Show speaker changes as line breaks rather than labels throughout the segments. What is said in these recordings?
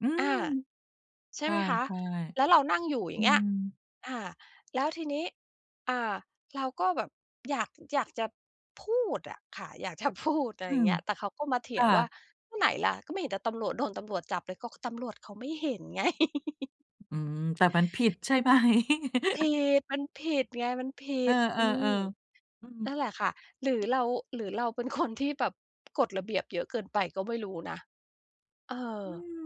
อื
อ
ม
า ใช
ใ
่
ช
ไหมคะ
่
แล้วเรานั่งอยู่ อ
ๆ อ
ย
ื
่างเงี้ย
ม
อา แล้วทีนี้ อ่า เราก็แบบอยาก อยากจะพูดอะค่ะ อยากจะพูด อะไร
อื
อย่าง
ม
เงี้ย แต่เขาก็มาเถ
ค
ีย
่
งว่า
ะ
"ก็ไหนล่ะ ก็ไม่เห็นแต่ตำรวจ โดนตำรวจจับเลย" ก็ตำรวจเขาไม่เห็นไง
อืม แต่มันผิดใช่ ไหม?
ผิด มันผิดไง มันผิ
เออ
ด อืม
ๆ ๆ อื
นั่นแหล
ม
ะค่ะ หรือเรา หรือเราเป็นคนที่แบบกฎระเบียบเยอะเกินไป ก็ไม่รู้นะ เออ
อืม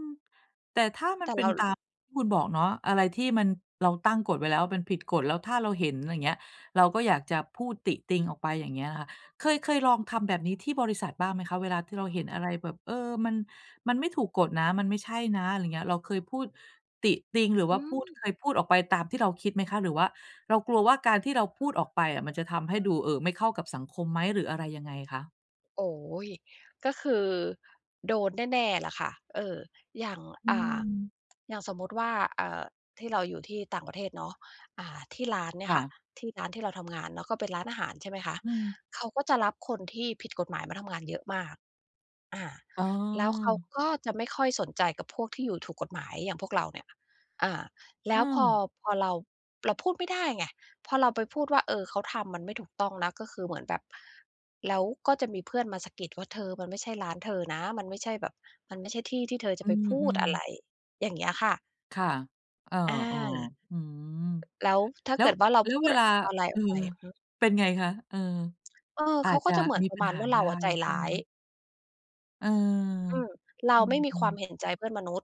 แต่ถ้ามั
แต
น
่
เป
เ
็
รา
นตามที่คุณบอกเนาะ อะไรที่มัน เราตั้งกฎไว้แล้ว มันผิดกฎ แล้วถ้าเราเห็น อะไรอย่างเงี้ย เราก็อยากจะพูดติติงออกไป อย่างเงี้ยค่ะ เคย เคยลองทำแบบนี้ที่บริษัทบ้างไหมคะ? เวลาที่เราเห็นอะไรแบบ เออ มัน มันไม่ถูกกฎนะ มันไม่ใช่นะ อะไรอย่างเงี้ย เราเคยพูดติติงหรือ
อ
ว่
ื
าพูด
ม
เคยพูดออกไปตามที่เราคิดไหมคะ หรือว่าเรากลัวว่า การที่เราพูดออกไปอะ มันจะทำให้ดู เอ่อ ไม่เข้ากับสังคมไหม หรืออะไรยังไงคะ?
โอ้โฮ ก็คือโดนแน่ ๆ แหละค่ะ เอ่อ อย่าง
อื
อ่า
ม
อย่างสมมุติว่า เอ่อ ที่เราอยู่ที่ต่างประเทศเนาะ อ่า ที่ร้านเนี่
ค
ย
่
ค่ะ
ะ
ที่ร้านที่เราทำงานเนาะ ก็เป็นร้านอาหาร ใช่ไหมคะ
อืม
เขาก็จะรับคนที่ผิดกฎหมาย มาทำงานเยอะมาก อ่า
อ๋อ
แล้วเขาก็จะไม่ค่อยสนใจ กับพวกที่อยู่ถูกกฎหมายอย่างพวกเราเนี่ย อา แล้
อ
วพอ
า
พอเรา เราพูดไม่ได้ไง พอเราไปพูดว่า เออ เขาทำมันไม่ถูกต้องนะ ก็คือเหมือนแบบ แล้วก็จะมีเพื่อนมาสะกิดว่า "เธอมันไม่ใช่ร้านเธอนะ มันไม่ใช่แบบ มันไม่ใช่ที่ที่เธอจะ
อื
ไปพูด
ม
อะไร"
ๆ
อย่างเงี้ยค่ะ
ค่ะ เออ
อา
ๆ อืม
แล้วถ้า
แล้
เก
ว
ิดว่า เรา
แล้
พ
ว
ู
เ
ด
วลา
อะไร
เ
อ
ออ
อกไป อือ
เป็นไงคะ เออ
เออ
อ
เ
า
ขา
จ
ก
จ
็
ะ
จะเหมือน
มี
ปร
ป
ะ
ั
ม
ญ
าณ
หา
ว่า
ไ
เร
ด
า
้
อะใจ
ใช
ร
่
้
ไ
า
หม?
ย
เออ
อืม เรา
อื
ไม่มีคว
ม
าม
ๆ
เห็นใจเพื่อนมนุษย์